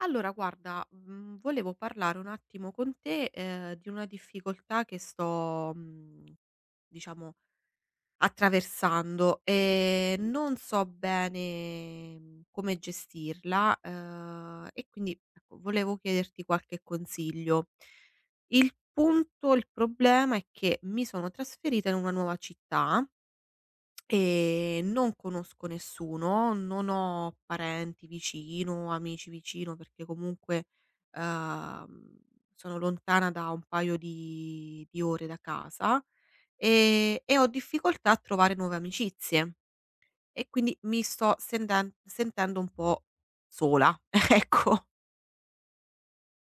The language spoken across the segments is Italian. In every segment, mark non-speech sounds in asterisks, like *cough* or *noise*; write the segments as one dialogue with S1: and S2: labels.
S1: Allora guarda, mhmm, volevo parlare un attimo con te, ehm, di una difficoltà che sto, mhmm, diciamo attraversando, e non so bene, mhmm, come gestirla, ehm, e quindi ecco volevo chiederti qualche consiglio. Il punto il problema è che mi sono trasferita in una nuova città e non conosco nessuno, non ho parenti vicino, amici vicino perché comunque, uhm, sono lontana da un paio di di ore da casa, e e ho difficoltà a trovare nuove amicizie. E quindi mi sto senden-sentendo un po' sola, *chuckles* ecco.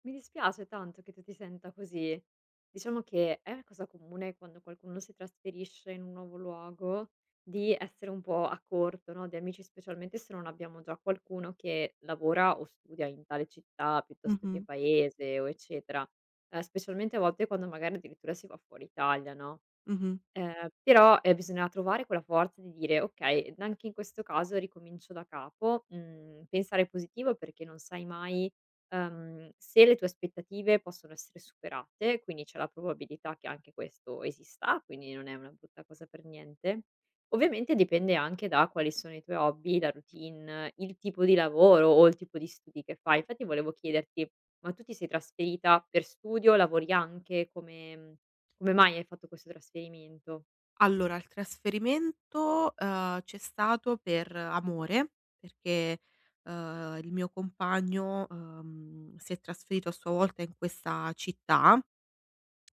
S2: Mi dispiace tanto che tu ti senta così. Diciamo che è cosa comune quando qualcuno si trasferisce in un nuovo luogo, di essere un po' a corto, no, di amici, specialmente se non abbiamo già qualcuno che lavora o studia in tale città piuttosto che
S1: Mh-mh.
S2: Paese o eccetera. Ehm, specialmente a volte quando magari addirittura si va fuori Italia, no,
S1: Mh-mh.
S2: ehm, però, ehm, bisogna trovare quella forza di dire: "Okay, n anche in questo caso ricomincio da capo", mhmm, pensare positivo perché non sai mai, ehm, se le tue aspettative possono essere superate, quindi c'è la probabilità che anche questo esista, quindi non è una brutta cosa per niente. Ovviamente dipende anche da quali sono i tuoi hobby, la routine, il tipo di lavoro o il tipo di studi che fai, infatti volevo chiederti: ma tu ti sei trasferita per studio? Lavori anche? Come mhmm, come mai hai fatto questo trasferimento?
S1: Allora, il trasferimento, uhm, c'è stato per amore, perché, uhm, il mio compagno, uhm, si è trasferito a sua volta in questa città.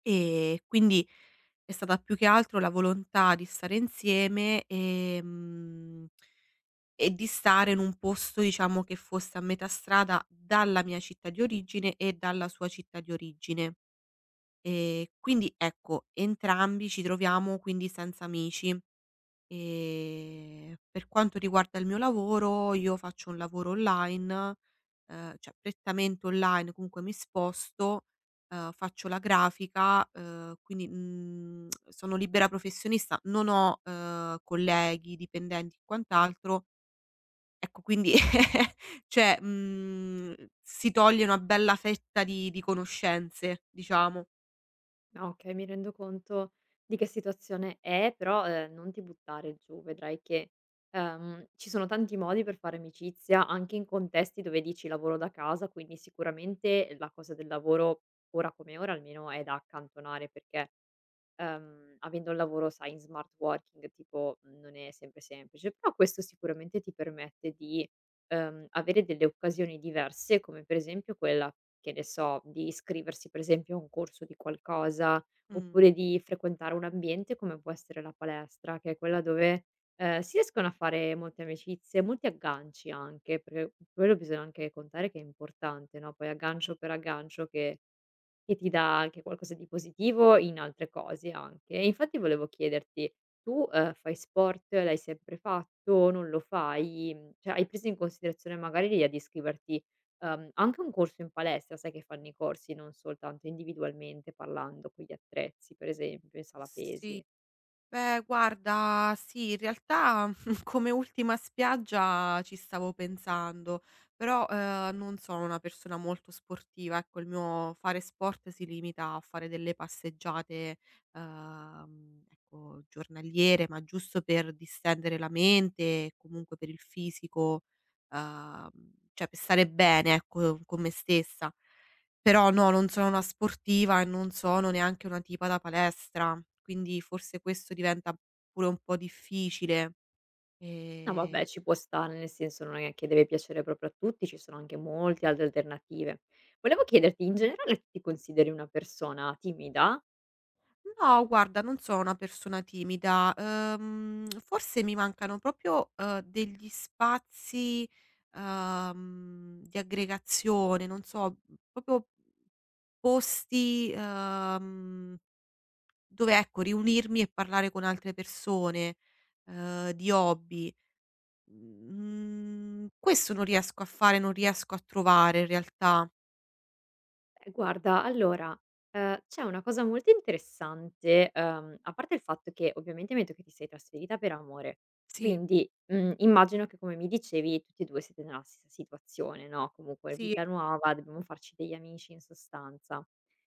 S1: Ehm, quindi è stata più che altro la volontà di stare insieme, ehm, e di stare in un posto, diciamo, che fosse a metà strada dalla mia città di origine e dalla sua città di origine. Ehm, quindi, ecco, entrambi ci troviamo quindi senza amici. Ehm, per quanto riguarda il mio lavoro, io faccio un lavoro online, ehm, cioè prettamente online, comunque mi sposto, uhm, faccio la grafica, uhm, quindi, mhmm, *clicks tongue* sono libera professionista, non ho, ehm, colleghi, dipendenti, quant'altro. Ecco quindi, *laughs* cioè, mhmm, si toglie una bella fetta di di conoscenze, diciamo.
S2: Ah, okay, mi rendo conto di che situazione è, però, ehm, non ti buttare giù, vedrai che, ehm, ci sono tanti modi per fare amicizia anche in contesti dove dici: "Lavoro da casa," quindi sicuramente la cosa del lavoro, ora come ora almeno, è da accantonare perché, uhm, avendo il lavoro, sai, in smart working, tipo mhmm, non è sempre semplice. Però questo sicuramente ti permette di, uhm, avere delle occasioni diverse come per esempio quella, che ne so, di iscriversi per esempio a un corso di qualcosa,
S1: Mh.
S2: oppure di frequentare un ambiente come può essere la palestra, che è quella dove, ehm, si riescono a fare molte amicizie, molti agganci anche, perchè quello bisogna anche contare che è importante, no, poi aggancio per aggancio che che ti dà anche qualcosa di positivo, in altre cose anche, e infatti volevo chiederti: tu, ehm, fai sport? L'hai sempre fatto? Non lo fai? Mhmm, cioè hai preso in considerazione magari l'idea di iscriverti, uhm, anche a un corso in palestra, sai che fanno i corsi non soltanto individualmente parlando con gli attrezzi, per esempio in sala
S1: Sì.
S2: pesi?
S1: Ehm, guarda, sì, in realtà *chuckles* come ultima spiaggia, ci stavo pensando. Però, ehm, non sono una persona molto sportiva, ecco, il mio fare sport si limita a fare delle passeggiate, uhm, ecco giornaliere, ma giusto per distendere la mente, comunque per il fisico, uhm, cioè per stare bene, ecco, con me stessa. Però no, non sono una sportiva e non sono neanche una tipa da palestra. Quindi forse questo diventa pure un po' difficile,
S2: No,
S1: e
S2: vabbè, ci può stare, nel senso non è che deve piacere proprio a tutti, ci sono anche molti altre alternative. Volevo chiederti: in generale, ti consideri una persona timida?
S1: No, guarda, non sono una persona timida. Uhm, *smacks lips* forse mi mancano proprio, uhm, degli spazi, uhm, di aggregazione, non so, proprio posti, uhm, mhmm, dove, ecco riunirmi e parlare con altre persone, ehm, di hobby. Mhmm, questo non riesco a fare, non riesco a trovare in realtà.
S2: Ehm, guarda, allora, ehm, c'è una cosa molto interessante uhm, a parte il fatto che ovviamente mi hai detto che ti sei trasferita per amore,
S1: Sì.
S2: quindi, mhmm, immagino che, come mi dicevi, tutti e due siete nella stessa situazione, no, comunque
S1: Sì.
S2: vita nuova, dobbiamo farci degli amici, in sostanza.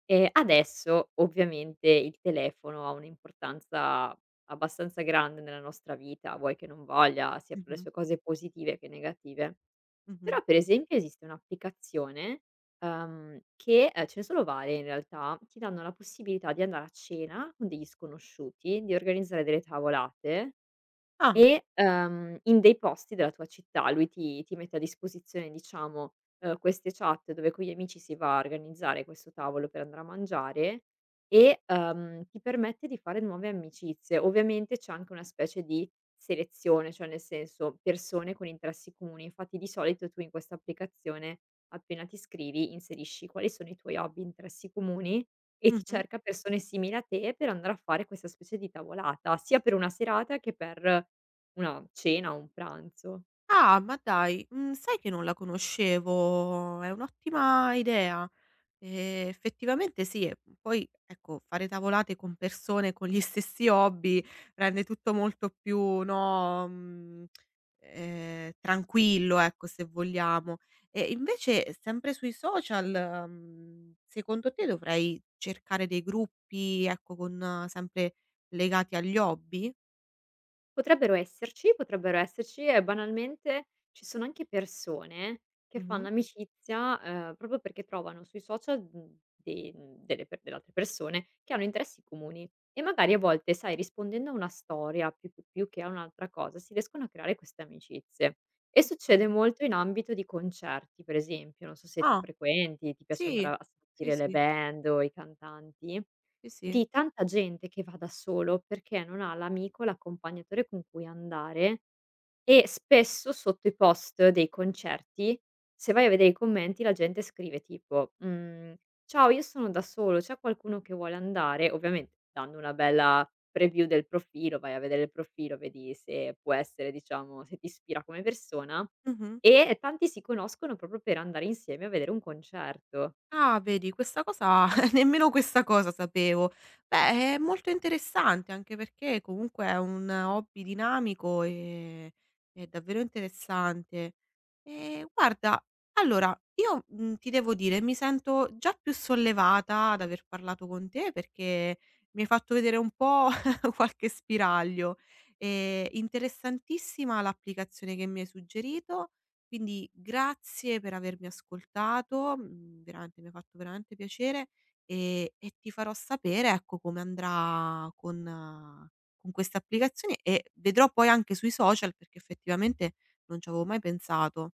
S2: E adesso ovviamente il telefono ha un'importanza abbastanza grande nella nostra vita, vuoi che non voglia, sia per le
S1: Mh-mh.
S2: sue cose positive che negative.
S1: Mh-mh.
S2: Però, per esempio esiste un'applicazione, uhm, che, ehm, ce ne sono varie in realtà, ti danno la possibilità di andare a cena con degli sconosciuti, di organizzare delle tavolate
S1: Ah.
S2: e, uhm, in dei posti della tua città. Lui ti ti mette a disposizione, diciamo, uhm, queste chat dove con gli amici si va a organizzare questo tavolo per andare a mangiare e, uhm, ti permette di fare nuove amicizie. Ovviamente c'è anche una specie di selezione, cioè nel senso: persone con interessi comuni. Infatti di solito tu in questa applicazione appena ti iscrivi, inserisci quali sono i tuoi hobby, interessi comuni, e ti
S1: Mh-mh.
S2: cerca persone simili a te per andare a fare questa specie di tavolata, sia per una serata che per una cena o un pranzo.
S1: Ah, ma dai, mhmm sai che non la conoscevo? È un'ottima idea. E, effettivamente sì. Poi, ecco, fare tavolate con persone con gli stessi hobby, rende tutto molto più, no, mhmm, ehm, tranquillo, ecco, se vogliamo. E invece sempre sui social, mhmm, secondo te dovrei cercare dei gruppi, ecco, con sempre legati agli hobby?
S2: Potrebbero esserci, potrebbero esserci. E banalmente ci sono anche persone che fanno
S1: Mh-mh.
S2: amicizia, ehm, proprio perché trovano sui social, mhmm, de delle pe delle altre persone che hanno interessi comuni. E magari a volte, sai, rispondendo a una storia più più più che a un'altra cosa, si riescono a creare queste amicizie. E succede
S1: Oka
S2: molto in ambito di concerti, per esempio, non so se tu
S1: Ah,
S2: frequenti, ti piace andare
S1: sì.
S2: a
S1: Sì,
S2: sentire le
S1: sì.
S2: band o i cantanti.
S1: Sì, sì.
S2: Di tanta gente che va da solo perché non ha l'amico, l'accompagnatore con cui andare. E spesso, sotto i post dei concerti, se vai a vedere i commenti, la gente scrive tipo: mhmm, "Ciao, io sono da solo, c'è qualcuno che vuole andare?". Ovviamen dando una bella preview del profilo, vai a vedere il profilo, vedi se può essere, diciamo, se ti ispira come persona.
S1: Mh-mh.
S2: E tanti si conoscono proprio per andare insieme a vedere un concerto.
S1: Ah, vedi, questa cosa, *chuckles* nemmeno questa cosa sapevo. Beh, è molto interessante, anche perché comunque è un hobby dinamico e è davvero interessante. Ehm, guarda, allora io, mhmm, ti devo dire, mi sento già più sollevata ad aver parlato con te perché mi hai fatto vedere un po', *chuckles* qualche spiraglio. E, interessantissima l'applicazione che mi hai suggerito. Quindi grazie per avermi ascoltato, mhmm, veramente mi ha fatto veramente piacere e e ti farò sapere, ecco, come andrà con con questa applicazione, e vedrò poi anche sui social, perché effettivamente non ci avevo mai pensato.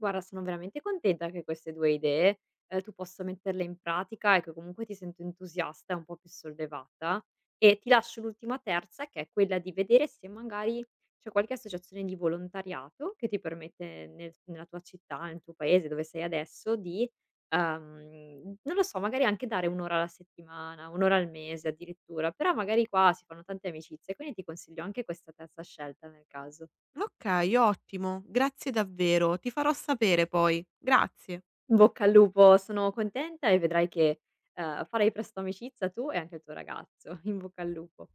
S2: Guarda, sono veramente contenta che queste 2 idee, ehm, tu possa metterle in pratica, e che comunque ti sento entusiasta e un po' più sollevata. E ti lascio l'ultima terza, che è quella di vedere se magari c'è qualche associazione di volontariato che ti permette nel nella tua città, nel tuo paese, dove sei adesso, di, uhm, non lo so, magari anche dare un'ora alla settimana, un'ora al mese addirittura. Però, magari qua si fanno tante amicizie, quindi ti consiglio anche questa terza scelta nel caso.
S1: Okay, ottimo, grazie davvero. Ti farò sapere poi. Grazie.
S2: In bocca al lupo, sono contenta e vedrai che, ehm, farai presto amicizia tu e anche il tuo ragazzo. In bocca al lupo.